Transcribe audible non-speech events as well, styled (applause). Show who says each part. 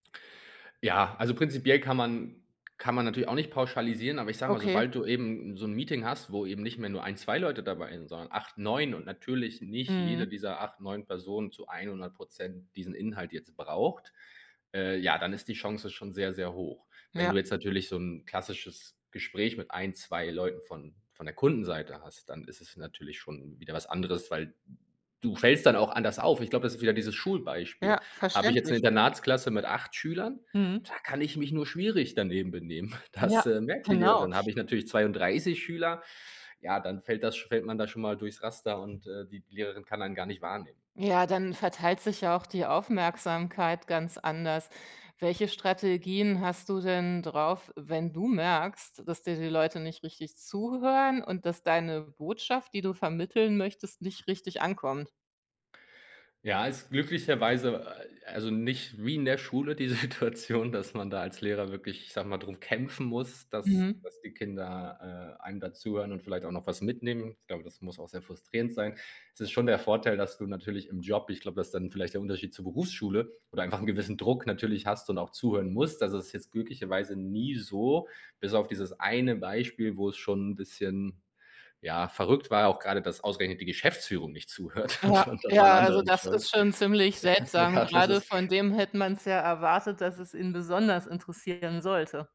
Speaker 1: Ja, also, prinzipiell kann man kann man natürlich auch nicht pauschalisieren, aber ich sag mal,
Speaker 2: Okay.
Speaker 1: sobald du eben 'n so 'n Meeting hast, wo eben nicht mehr nur 1, 2 Leute dabei sind, sondern 8, 9 und natürlich nicht jede
Speaker 2: Mhm.
Speaker 1: dieser 8, 9 Personen zu 100 % diesen Inhalt jetzt braucht, äh, ja, dann ist die Chance schon sehr, sehr hoch. Wenn du
Speaker 2: Ja.
Speaker 1: jetzt natürlich so 'n klassisches Gespräch mit 1, 2 Leuten von von der Kundenseite hast, dann ist es natürlich schon wieder was anderes, weil du fällst dann auch anders auf. Ich glaub, das ist wieder dieses Schulbeispiel.
Speaker 2: Ja,
Speaker 1: Hab ich jetzt eine
Speaker 2: verständlich.
Speaker 1: Internatsklasse mit 8 Schülern,
Speaker 2: Mhm.
Speaker 1: da kann ich mich nur schwierig daneben benehmen. (chuckles) Das,
Speaker 2: Ja,
Speaker 1: äh, merkt die
Speaker 2: genau.
Speaker 1: Lehrerin. Hab ich natürlich 32 Schüler, ja, dann fällt das sch fällt man da schon mal durchs Raster und, äh, die Lehrerin kann einen gar nicht wahrnehmen.
Speaker 2: Ja, dann verteilt sich ja auch die Aufmerksamkeit ganz anders. Welche Strategien hast du denn drauf, wenn du merkst, dass dir die Leute nicht richtig zuhören und dass deine Botschaft, die du vermitteln möchtest, nicht richtig ankommt?
Speaker 1: Ja, ist glücklicherweise, äh, also nicht wie in der Schule die Situation, dass man da als Lehrer wirklich- ich sag mal- darum kämpfen muss, dass
Speaker 2: Mhm.
Speaker 1: dass die Kinder, äh, einem da zuhören und vielleicht auch noch was mitnehmen. Ich glaube, das muss auch sehr frustrierend sein. Es ist schon der Vorteil, dass du natürlich im Job, ich glaub, da ist dann vielleicht der Unterschied zur Berufsschule oder einfach 'n gewissen Druck natürlich hast und auch zuhören musst. Das ist jetzt glücklicherweise nie so, bis auf dieses eine Beispiel, wo es schon 'n bisschen, ja, verrückt war, auch grade, dass ausgerechnet die Geschäftsführung nicht zuhört
Speaker 2: Ja ja
Speaker 1: und und dann allen
Speaker 2: ja, also,
Speaker 1: anderen
Speaker 2: das
Speaker 1: schon.
Speaker 2: ist schon ziemlich seltsam,
Speaker 1: Ja, das
Speaker 2: gerade von
Speaker 1: ist
Speaker 2: dem hätte man es ja erwartet, dass es ihn besonders interessieren sollte.